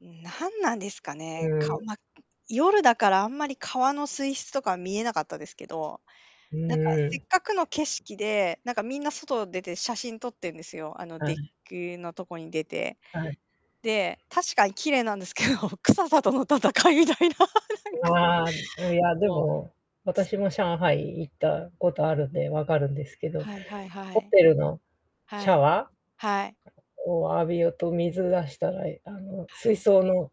うん、何なんですかうね。ーか、ん。ま、夜だからあんまり川の水質とかは見えなかったですけど、うんなうんかんうせっん。かくの景色で、なんかみんな外出て写真撮ってるんですよ。あのはデッい。キのとこに出て。はい。で、確かに綺麗なんですけど、臭さとの戦いみたいな。なんうか、わ、いやでそう。も、私も上海行ったことあるんでわかるんですけど、はいはいはホい。テルのシはャい。ワはい。ーを浴びようと水出したらあのは水い。槽の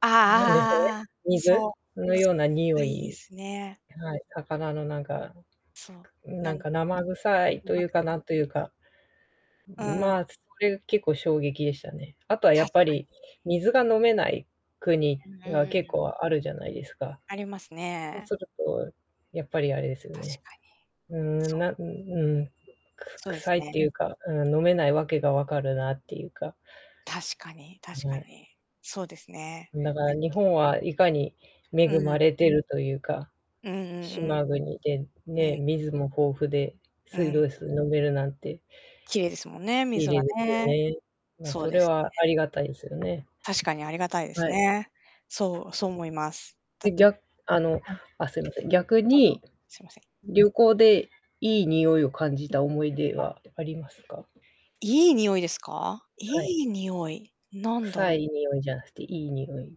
ああああなんですかね、ああああ、水そう。のような匂あ、いいでい、すね。はい、魚のなんかそう、ななんん、か生臭いうとまいうくか再なんという開。かうん。まあ、それ結構衝撃でしたね。あとはや確っぱかに。り、水が飲めない国うんうんうがんう結ん。構あるじゃないですか。ありますそうね。すると、やっぱりあれですよ確ね、かに。うんうん、そう。なんうんうん、くそうで臭すいってね。いうか、うん、飲めないわけがわかるなっていうか確かには確かい。に。そうですね。だから日 [unintelligible] 本はいかに恵うんうまん。れてるというか、うんうん島国でうん。うねん。水も豊富でう水ん。道水飲めるなんて綺麗ですもんね、綺水は麗ですよね。ね。うん、そうそでれすね。はありがたいですよね。確かにありがたいですはい。ね。そうそう思います。だで、っぎてうゃあの、ん。あ、すいません、逆どうぞ、に、すみません。旅行でいい匂いを感じた思い出はありますか？いい匂いですか？はい。いい匂い、なんだ臭ろう？い匂いじゃなくて、いい匂い。